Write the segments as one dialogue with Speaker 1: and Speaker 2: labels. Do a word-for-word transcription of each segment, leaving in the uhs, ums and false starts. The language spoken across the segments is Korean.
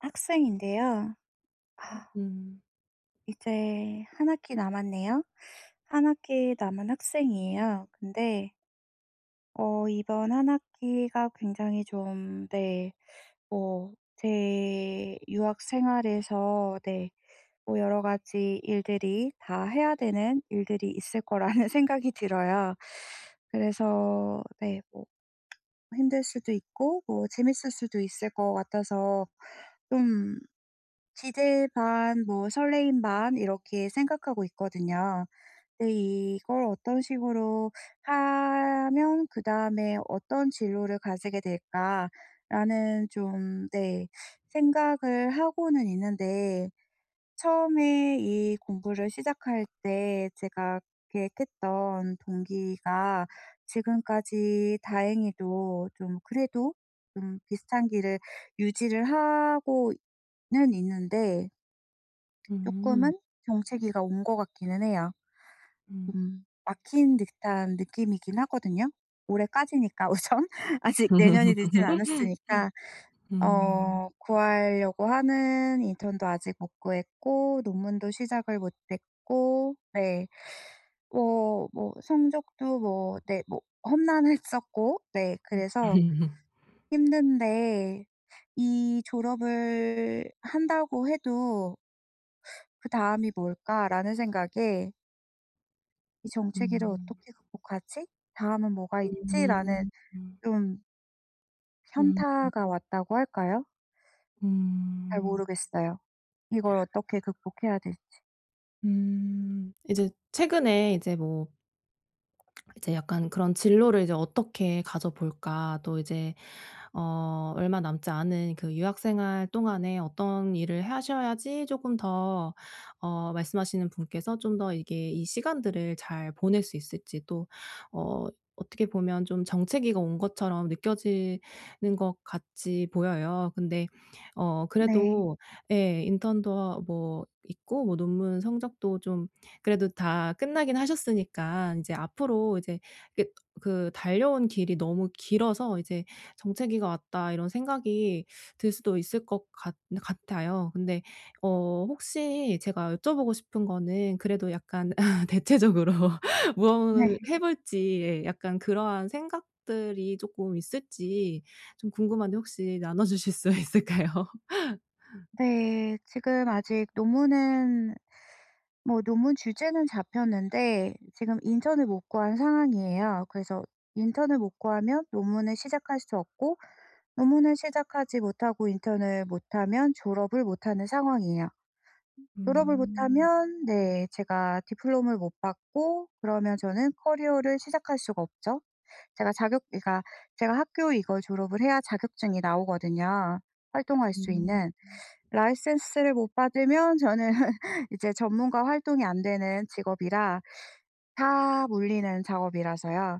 Speaker 1: 학생인데요. 아
Speaker 2: 음.
Speaker 1: 이제 한 학기 남았네요. 한 학기 남은 학생이에요. 근데 어 이번 한 학기가 굉장히 좀 네 뭐 제 유학 생활에서 네 뭐 여러 가지 일들이 다 해야 되는 일들이 있을 거라는 생각이 들어요. 그래서 네 뭐 힘들 수도 있고 뭐 재밌을 수도 있을 것 같아서 좀 기대 반 뭐 설레임 반 이렇게 생각하고 있거든요. 근데 '이걸 어떤 식으로 하면 그다음에 어떤 진로를 가지게 될까.'라는 좀 네 생각을 하고는 있는데 처음에 이 공부를 시작할 때 제가 계획했던 동기가 지금까지 다행히도 좀 그래도 좀 비슷한 길을 유지를 하고는 있는데
Speaker 2: 음.
Speaker 1: ...쪼끔은 정체기가 온 것 같기는 해요.
Speaker 2: 음.
Speaker 1: 음 막힌 듯한 느낌이긴 하거든요. 올해까지니까 우선 아직 내년이 늦진 않았으니까
Speaker 2: 음.
Speaker 1: 어 구하려고 하는 인턴도 아직 못 구했고 논문도 시작을 못 했고 네 뭐 뭐 성적도 뭐 네 뭐 험난했었고 네
Speaker 2: 음.
Speaker 1: 그래서 힘든데 '이 졸업을 한다고 해도 그다음이 뭘까?'라는 생각에 '이 정체기를
Speaker 2: 음.
Speaker 1: 어떻게 극복하지? 다음은 뭐가 있지?'라는
Speaker 2: 음 음.
Speaker 1: 좀
Speaker 2: 음.
Speaker 1: 현타가 왔다고 할까요? 잘
Speaker 2: 음.
Speaker 1: 모르겠어요. 이걸 어떻게 극복해야 될지.
Speaker 2: 음, 이제 최근에 이제 뭐 이제 약간 그런 진로를 이제 어떻게 가져 볼까 또 이제 어 얼마 남지 않은 그 유학 생활 동안에 어떤 일을 하셔야지 쪼끔 더 어 말씀하시는 분께서 좀 더 이게 이 시간들을 잘 보낼 수 있을지 또 어 어떻게 보면 좀 정체기가 온 것처럼 느껴지는 것 같이 보여요. 근데 어
Speaker 1: 네.
Speaker 2: 그래도 예 인턴도 하 뭐 있고 뭐 논문 성적도 좀 그래도 다 끝나긴 하셨으니까 인제 앞으로 이제 그 그 달려온 길이 너무 길어서 이제 '정체기가 왔다.' 이런 생각이 들 수도 있을 것 같 같아요. 근데 어 혹시 제가 여쭤보고 싶은 거는 그래도 약간 대체적으로
Speaker 1: 네.
Speaker 2: 무엇을 해 볼지 약간 그러한 생각들이 쪼끔 있을지 좀 궁금한데 혹시 나눠 주실 수 있을까요?
Speaker 1: 네. 지금 아직 논문은 뭐 논문 주제는 잡혔는데 지금 인턴을 못 구한 상황이에요. 그래서 인턴을 못 구하면 논문을 시작할 수 없고, 논문을 시작하지 못하고 인턴을 못 하면 졸업을 못 하는 상황이에요. 졸업을 못
Speaker 2: 음.
Speaker 1: 하면 네, 제가 diploma를 못 받고 그러면 저는 커리어를 시작할 수가 없죠. 제가 자격 그니까 제가 학교 이걸 졸업을 해야 자격증이 나오거든요 활동할 수
Speaker 2: 음.
Speaker 1: 있는. license를 못 받으면 저는 이제 전문가 활동이 안 되는 직업이라 다 물리는 작업이라서요.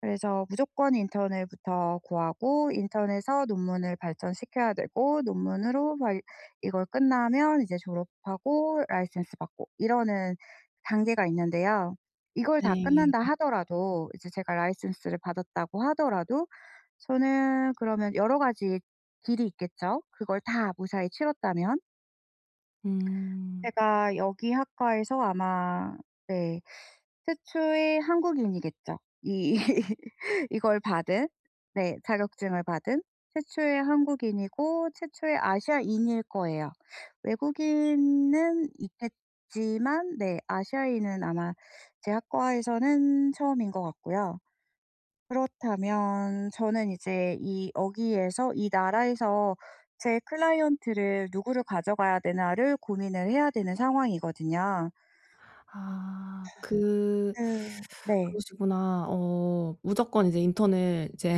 Speaker 1: 그래서 무조건 인턴을 부터 구하고 인턴에서 논문을 발전시켜야 되고 논문으로 막 이걸 끝나면 이제 졸업하고 license 받고 이러는 단계가 있는데요. 이걸 다
Speaker 2: 네.
Speaker 1: 끝난다
Speaker 2: 음.
Speaker 1: 하더라도 이제 제가 license를 받았다고 하더라도 저는 그러면 여러 가지 길이 있겠죠 그걸 다 무사히 치렀다면?
Speaker 2: 음.
Speaker 1: 제가 여기 학과에서 아마 네 최초의 한국인이겠죠. 이 이걸 받은 네 자격증을 받은 최초의 한국인이고 최초의 아시아인일 거예요. 외국인은 있겠지만 네 아시아인은 아마 제 학과에서는 처음인 것 같고요. 그렇다면 저는 이제 이 여기에서 이 나라에서 제 클라이언트를 누구를 가져가야 되나를 고민을 해야 되는 상황이거든요.
Speaker 2: 아 그
Speaker 1: 그 네.
Speaker 2: 그러시구나. 어 무조건 이제 인턴을 이제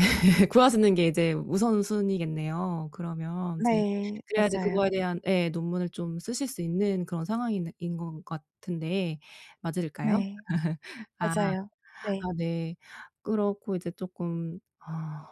Speaker 2: 구하시는 게 이제 우선순위겠네요 그러면 이제.
Speaker 1: 네.
Speaker 2: 그래야지
Speaker 1: 맞아요.
Speaker 2: 그거에 대한 예 논문을 좀 쓰실 수 있는 그런 상황인 인 것 같은데 맞을까요?
Speaker 1: 네.
Speaker 2: 아
Speaker 1: 맞아요. 네.
Speaker 2: 아 네. 그렇고 이제 쪼끔 아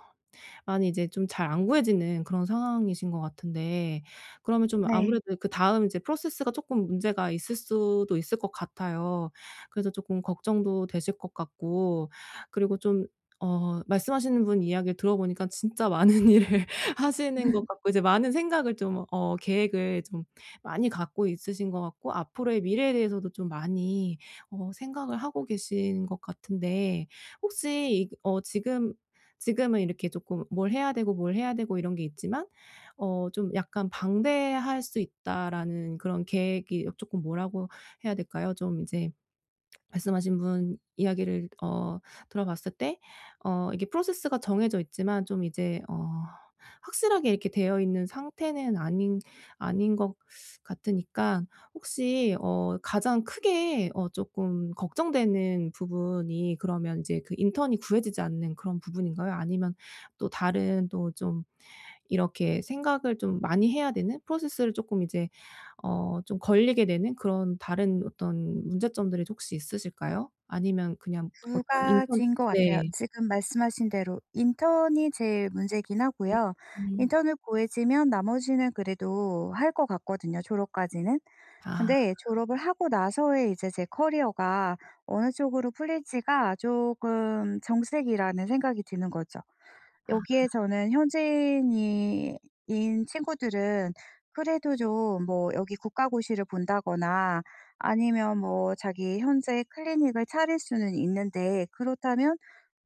Speaker 2: 많이 이제 좀 잘 안 구해지는 그런 상황이신 것 같은데 그러면 좀
Speaker 1: 네.
Speaker 2: 아무래도 그다음 이제 프로세스가 쪼끔 문제가 있을 수도 있을 것 같아요. 그래서 조금 걱정도 되실 것 같고 그리고 좀 어 말씀하시는 분 이야기를 들어 보니까 진짜 많은 일을 하시는 것 같고 이제 많은 생각을 좀 어 계획을 좀 많이 갖고 있으신 것 같고 앞으로의 미래에 대해서도 좀 많이 어 생각을 하고 계신 것 같은데 혹시 어 지금 지금은 이렇게 쪼끔 뭘 해야 되고 뭘 해야 되고 이런 게 있지만 어 좀 약간 '방대할 수 있다.'라는 그런 계획이 쪼끔 뭐라고 해야 될까요? 좀 이제 말씀하신 분 이야기를 어 들어 봤을 때 어 이게 프로세스가 정해져 있지만 좀 이제 어 확실하게 이렇게 되어있는 상태는 아닌 아닌 것 같으니까 혹시 어 가장 크게 어 쪼끔 걱정되는 부분이 그러면 이제 그 인턴이 구해지지 않는 그런 부분인가요? 아니면 또 다른 또 좀 이렇게 생각을 좀 많이 해야 되는 프로세스를 쪼끔 이제 어 좀 걸리게 되는 그런 다른 어떤 문제점들이 혹시 있으실까요? 아니면 그냥
Speaker 1: 두
Speaker 2: 어떤 인턴
Speaker 1: 가지인 것 같아요.
Speaker 2: 네.
Speaker 1: 지금 말씀하신 대로 인턴이 제일 문제이긴 하고요.
Speaker 2: 음.
Speaker 1: 인턴을 구해지면 나머지는 그래도 할 것 같거든요 졸업까지는.
Speaker 2: 아.
Speaker 1: 근데 졸업을 하고 나서의 이제 제 커리어가 어느 쪽으로 풀릴지가 쪼금 정색이라는 생각이 드는 거죠.
Speaker 2: 아.
Speaker 1: 여기에 저는 현지인이 인 친구들은 그래도 좀 뭐 여기 국가고시를 본다거나 아니면 뭐 자기 현재 클리닉을 차릴 수는 있는데 그렇다면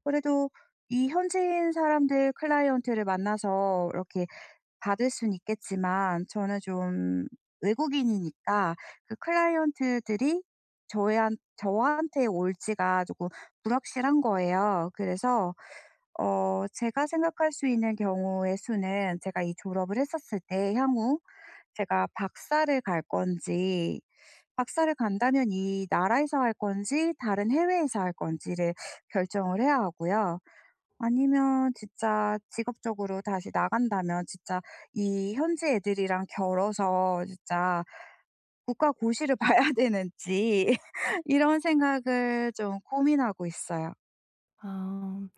Speaker 1: 그래도 이 현지인 사람들 클라이언트를 만나서 이렇게 받을 수는 있겠지만 저는 좀 외국인이니까 그 클라이언트들이 저한 저한테 올 지가 쪼끔 불확실한 거예요. 그래서 어 제가 생각할 수 있는 경우의 수는 제가 이 졸업을 했었을 때 향후 제가 박사를 갈 건지 박사를 간다면 이 나라에서 할 건지 다른 해외에서 할 건지를 결정을 해야 하고요. 아니면 진짜 직업적으로 다시 나간다면 진짜 이 현지 애들이랑 겨뤄서 진짜 국가 고시를 봐야 되는지 이런 생각을 좀 고민하고 있어요.
Speaker 2: 아.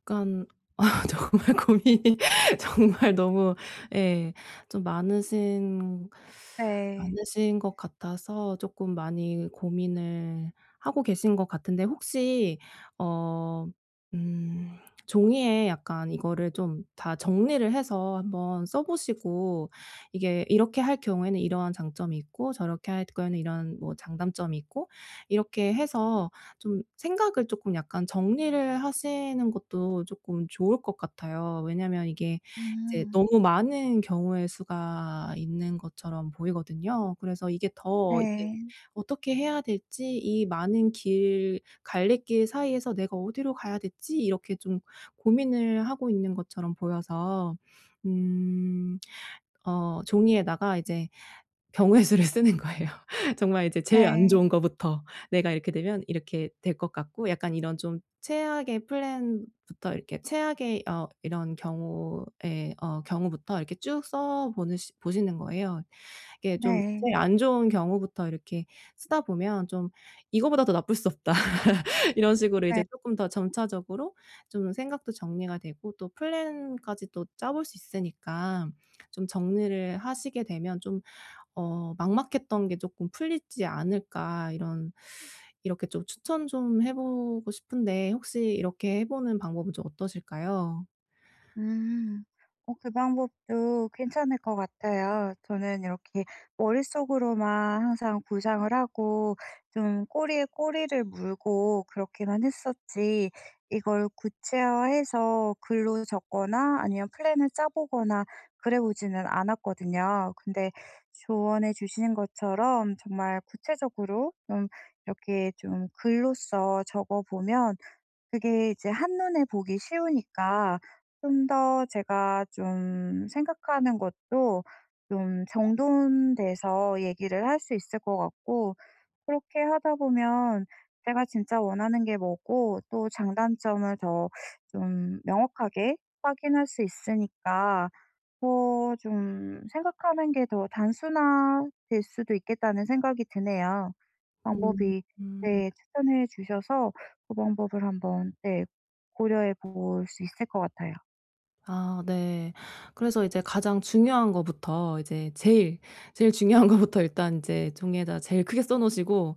Speaker 2: 약간 아 정말 고민이 정말 너무 예 좀 많으신
Speaker 1: 네.
Speaker 2: 많으신 것 같아서 쪼끔 많이 고민을 하고 계신 것 같은데 혹시 어 음 종이에 약간 이거를 좀 다 정리를 해서 한번 써 보시고 이게 이렇게 할 경우에는 이러한 장점이 있고 저렇게 할 경우에는 이런 뭐 장단점이 있고 이렇게 해서 좀 생각을 조금 약간 정리를 하시는 것도 쪼끔 좋을 것 같아요. 왜냐하면 이게 이제
Speaker 1: 음.
Speaker 2: 너무 많은 경우의 수가 있는 것처럼 보이거든요. 그래서 이게 더 이제
Speaker 1: 네.
Speaker 2: 어떻게 해야 될지 이 많은 길 갈래길 사이에서 내가 어디로 가야 될지 이렇게 좀 고민을 하고 있는 것처럼 보여서. 음. 어 종이에다가 이제 경우의 수를 쓰는 거예요. 정말 이제 제일 안
Speaker 1: 네.
Speaker 2: 좋은 것부터 내가 이렇게 되면 이렇게 될 것 같고 약간 이런 좀 최악의 플랜부터 이렇게 최악의 어 이런 경우에 어 경우부터 이렇게 쭉 써 보는 시 보시는 거예요. 이게 좀
Speaker 1: 네.
Speaker 2: 제일 안 좋은 경우부터 이렇게 쓰다 보면 좀 이것보다 더 나쁠 수 없다. 이런 식으로 이제
Speaker 1: 네.
Speaker 2: 쪼끔 더 점차적으로 좀 생각도 정리가 되고 또 플랜까지 또 짜 볼 수 있으니까 좀 정리를 하시게 되면 좀 어 막막했던게 조금 풀리지 않을까 이런 이렇게 좀 추천 좀 해 보고 싶은데 혹시 이렇게 해 보는 방법은 좀 어떠실까요?
Speaker 1: 음. 어 그 방법도 괜찮을 것 같아요. 저는 이렇게 머릿속으로만 항상 구상을 하고 좀 꼬리에 꼬리를 물고 그렇게만 했었지 이걸 구체화해서 글로 적거나 아니면 플랜을 짜 보거나 그래 보지는 않았거든요. 근데 조언해 주신 것처럼 정말 구체적으로 음 이렇게 좀 글로써 적어 보면 그게 이제 한눈에 보기 쉬우니까 좀 더 제가 좀 생각하는 것도 좀 정돈돼서 얘기를 할 수 있을 것 같고 그렇게 하다 보면 제가 진짜 원하는 게 뭐고 또 장단점을 더 좀 명확하게 확인할 수 있으니까 어 좀 생각하는 게 더 단순화될 수도 있겠다는 생각이 드네요.
Speaker 2: 음
Speaker 1: 방법이
Speaker 2: 음.
Speaker 1: 네 추천해 주셔서 그 방법을 한번 네 고려해 볼 수 있을 것 같아요.
Speaker 2: 아 네. 그래서 이제 가장 중요한 것부터 이제 제일, 제일 중요한 것부터 일단 인제 종이에다 제일 크게 써 놓으시고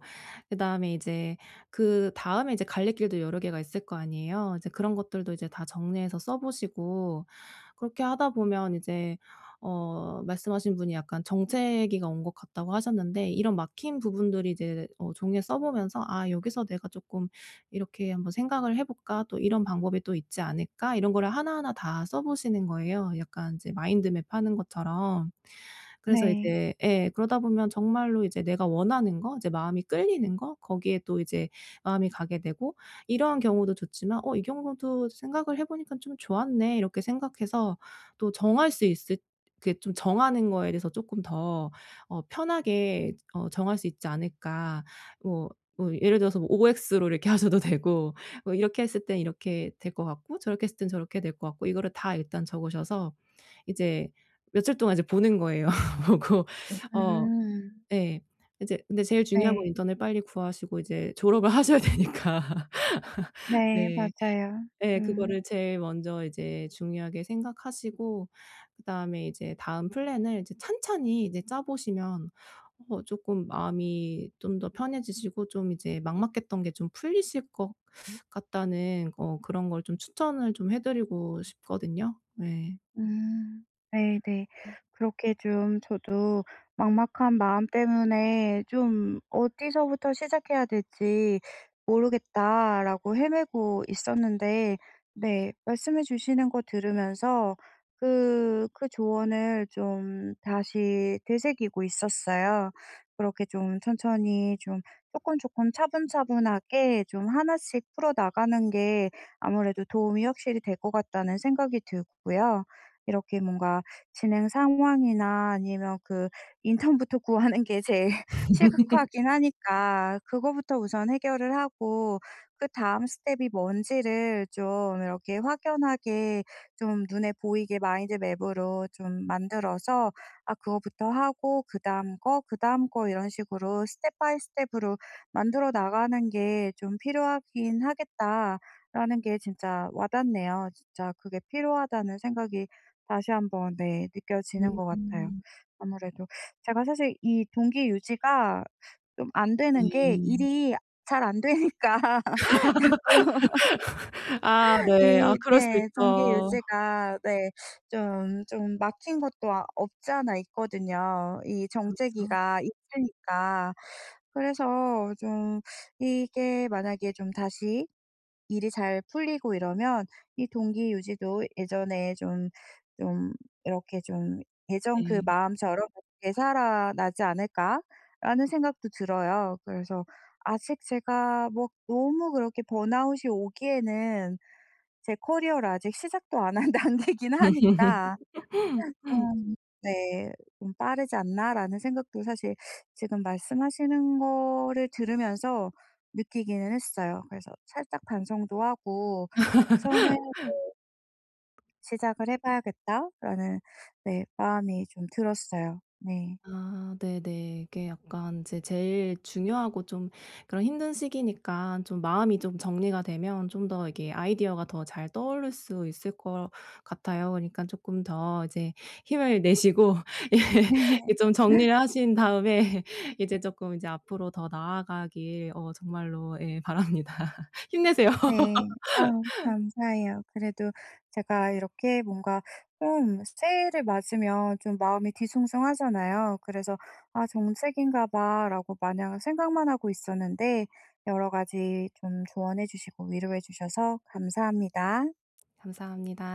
Speaker 2: 그다음에 이제 그다음에 이제 갈래길도 여러 개가 있을 거 아니에요. 이제 그런 것들도 이제 다 정리해서 써 보시고 그렇게 하다 보면 이제 어 말씀하신 분이 약간 정체기가 온 것 같다고 하셨는데 이런 막힌 부분들이 이제 어 종이에 써보면서 '아 여기서 내가 쪼끔 이렇게 한번 생각을 해 볼까? 또 이런 방법이 또 있지 않을까?' 이런 거를 하나하나 다 써 보시는 거예요 약간 이제 마인드 맵 하는 것처럼. 그래서
Speaker 1: 네.
Speaker 2: 이제 예 그러다보면 정말로 이제 내가 원하는 것, 이제 마음이 끌리는 거 거기에 또 이제 마음이 가게 되고 '이러한 경우도 좋지만 어 이 경우도 생각을 해 보니까 좀 좋았네?' 이렇게 생각해서 또 정할 수 있을 이렇게 좀 정하는 거에 대해서 쪼끔 더 어 편하게 어 정할 수 있지 않을까. 뭐 뭐 예를 들어서 뭐 오엑스로 이렇게 하셔도 되고, 뭐 이렇게 했을 땐 이렇게 될 것 같고 저렇게 했을 땐 저렇게 될 것 같고 이거를 다 일단 적으셔서 이제 며칠 동안 이제 보는 거예요. 보고 어
Speaker 1: 음.
Speaker 2: 예. 이제 근데 제일 중요한 건
Speaker 1: 네.
Speaker 2: 인턴을 빨리 구하시고 이제 졸업을 하셔야 되니까.
Speaker 1: 네,
Speaker 2: 네.
Speaker 1: 맞아요.
Speaker 2: 예
Speaker 1: 음.
Speaker 2: 그거를 제일 먼저 이제 중요하게 생각하시고 그다음에 이제 다음 플랜을 찬찬히 이제 짜 보시면 어 쪼끔 마음이 좀 더 편해지시고 좀 이제 막막했던 게 좀 풀리실 것 같다는 어 그런 걸 좀 추천을 좀 해드리고 싶거든요. 네.
Speaker 1: 음, 네네. 그렇게 좀 저도 막막한 마음 때문에 좀 '어디서부터 시작해야 될지 모르겠다.'라고 헤매고 있었는데 네 말씀해 주시는 거 들으면서 그 그 조언을 좀 다시 되새기고 있었어요. 그렇게 좀 천천히 좀 쪼끔, 쪼끔 차분차분하게 좀 하나씩 풀어나가는 게 아무래도 도움이 확실히 될 것 같다는 생각이 들고요. 이렇게 뭔가 진행 상황이나 아니면 그 인턴부터 구하는 게 제일 시급하긴 하니까 그거부터 우선 해결을 하고 그다음 스텝이 뭔지를 좀 이렇게 확연하게 좀 눈에 보이게 마인드 맵으로 좀 만들어서 아 그거부터 하고 '그다음 거, 그다음 거 이런 식으로 스텝 바이 스텝으로 만들어 나가는 게 좀 필요하긴 하겠다.'라는 게 진짜 와닿네요. 진짜 그게 필요하다는 생각이 다시 한번 느껴지는 것 같아요.
Speaker 2: 음.
Speaker 1: 아무래도 제가 사실 이 동기 유지가 좀 안 되는 게
Speaker 2: 음.
Speaker 1: 일이 잘 안 되니까 자꾸
Speaker 2: 아. 아 네. 아
Speaker 1: 이
Speaker 2: 그럴 수
Speaker 1: 네, 동기
Speaker 2: 있죠.
Speaker 1: 유지가 네, 좀 좀 막힌 것도 없지 않아 있거든요. 이
Speaker 2: 그렇죠.
Speaker 1: 정체기가 있으니까. 그래서 어 좀 이게 만약에 좀 다시 일이 잘 풀리고 이러면 이 동기 유지도 예전에 좀 좀 이렇게 좀 예전 그
Speaker 2: 네.
Speaker 1: 마음처럼 '되살아나지 않을까?'라는 생각도 들어요. 그래서 아직 제가 뭐 너무 그렇게 번아웃이 오기에는 제 커리어를 아직 시작도 안 한 단계이긴 하니까. 좀 네 좀 "빠르지 않나?"라는 생각도 사실 지금 말씀하시는 거를 들으면서 느끼기는 했어요. 그래서 살짝 반성도 하고, 우선은 뭐 ...'시작을 해 봐야겠다.'라는 네, 마음이 좀 들었어요. 네.
Speaker 2: 아 네네. 이게 약간 인제 제일 중요하고 좀 그런 힘든 시기니까 좀 마음이 좀 정리가 되면 좀 더 이게 아이디어가 더 잘 떠오를 수 있을 것 같아요. 그러니까 쪼끔 더 이제 힘을 내시고
Speaker 1: 네.
Speaker 2: 예, 좀 정리를 하신 다음에 이제 쪼끔 이제 앞으로 더 나아가길 어 정말로 예 바랍니다. 힘내세요.
Speaker 1: 네, 아 감사해요. 그래도 제가 이렇게 뭔가 좀 새해를 맞으면 좀 마음이 뒤숭숭하잖아요. 그래서 아 '정체기인가 봐.'라고 마냥 생각만 하고 있었는데, 여러 가지 좀 조언해 주시고 위로해 주셔서 감사합니다.
Speaker 2: 감사합니다.